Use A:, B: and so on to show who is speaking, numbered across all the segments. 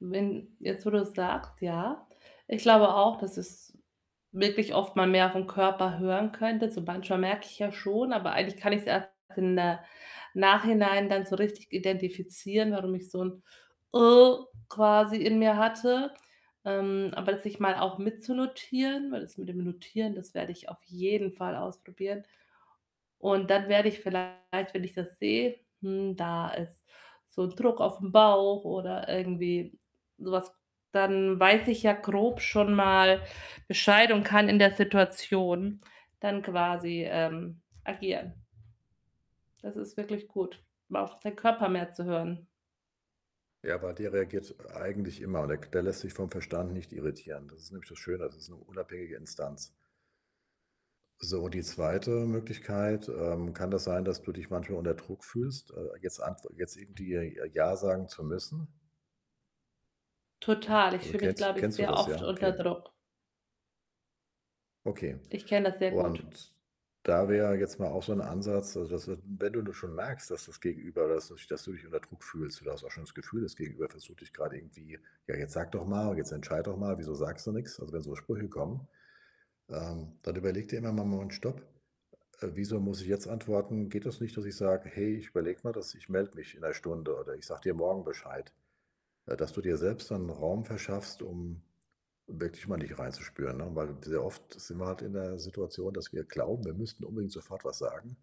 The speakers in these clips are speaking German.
A: Wenn jetzt, wo du's sagst, ja. Ich glaube auch, dass es wirklich oft mal mehr auf 'n Körper hören könnte. So manchmal merke ich ja schon, aber eigentlich kann ich's erst in der Nachhinein dann so richtig identifizieren, warum ich so 'n quasi in mir hatte. Ähm, aber das sich mal auch mitzunotieren, weil das mit dem Notieren, das werde ich auf jeden Fall ausprobieren. Und dann werde ich vielleicht, wenn ich das sehe: „Hm, da ist so 'n Druck aufm Bauch,“ oder irgendwie so was, dann weiß ich ja grob schon mal Bescheid und kann in der Situation dann quasi, ähm, agieren. Das ist wirklich gut, mal auf seinen Körper mehr zu hören.
B: Ja, aber der reagiert eigentlich immer und k der lässt sich vom Verstand nicht irritieren. Das ist nämlich das Schöne, das ist 'ne unabhängige Instanz. So, die 2. Möglichkeit, ähm, kann das sein, dass du dich manchmal unter Druck fühlst? Äh, jetzt ant jetzt irgendwie i ja sagen zu müssen?
A: Total. Ich
B: Also,
A: fühle mich,
B: kennst
A: glaube ich,
B: kennst du
A: sehr
B: das?
A: oft
B: Ja?
A: unter
B: Okay.
A: Druck.
B: Okay.
A: Ich kenne das sehr gut.
B: Und da wär jetzt mal auch so 'n Ansatz, also, dass wenn wenn du du schon merkst, dass das Gegenüber [unintelligible] dass du dich unter Druck fühlst, und du hast auch schon das Gefühl, das Gegenüber versucht dich grade irgendwie: „Ja, jetzt sage doch mal, jetzt entscheide doch mal, wieso sagst du nix?“, also, wenn so Sprüche kommen, ähm, dann überlege dir immer mach mal 'n Stopp, äh: „Wieso muss ich jetzt antworten?“ Geht das nicht, dass ich sage: „Hey, ich überlege mir das, ich melde mich in 1 Stunde oder ich sage dir morgen Bescheid.“ Äh, dass du dir selbst dann 'n Raum verschaffst, um wirklich mal in dich reinzuspüren, ne? Weil sehr oft sind wir halt in der Situation, dass wir glauben, wir müssten unbedingt sofort was sagen,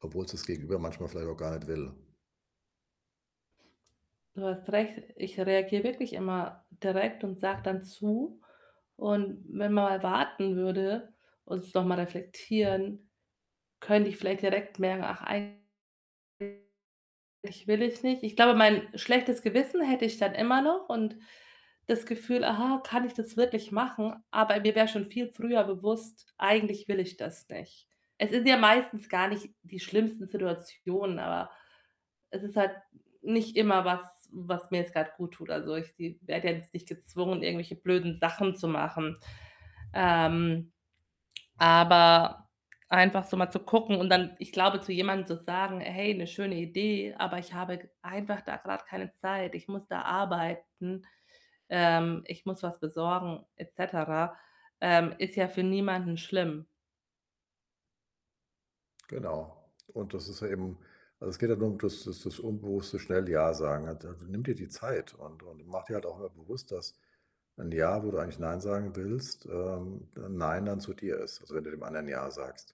B: obwohl‘s das Gegenüber manchmal vielleicht auch gar nicht will.
A: Du hast recht, ich reagiere wirklich immer direkt und sage dann zu. Und wenn mal warten würde und es noch mal reflektieren, könnte ich vielleicht direkt merken: „Ach, eigentlich [unintelligible] will ich nicht.“ Ich glaube, mein schlechtes Gewissen hätte ich dann immer noch und das Gefühl: „Aha, kann ich das wirklich machen?“, aber mir wär schon viel früher bewusst: „Eigentlich will ich das nicht.“ Es sind ja meistens gar nicht die schlimmsten Situationen, aber es ist halt nicht immer was was mir jetzt grad guttut. Also, ich se werde ja jetzt nicht gezwungen, irgendwelche blöden Sachen zu machen. Ähm, aber einfach so mal zu gucken und dann ich glaube, zu jemandem zu sagen: „Hey, 'ne schöne Idee, aber ich habe g einfach da grad keine Zeit. Ich muss da arbeiten. Ähm, ich muss was besorgen,“ et cetera, ähm, ist ja für niemanden schlimm.
B: Genau. Und das ist ja eben also, es geht halt nur um das das das unbewusste schnell „Ja“ sagen. Al also, nimm dir die Zeit und und mache dir halt auch mal bewusst, dass ein „Ja“, wo du eigentlich „Nein“ sagen willst, ähm, 'n „Nein“ dann zu dir ist, also, wenn du dem anderen „Ja“ sagst.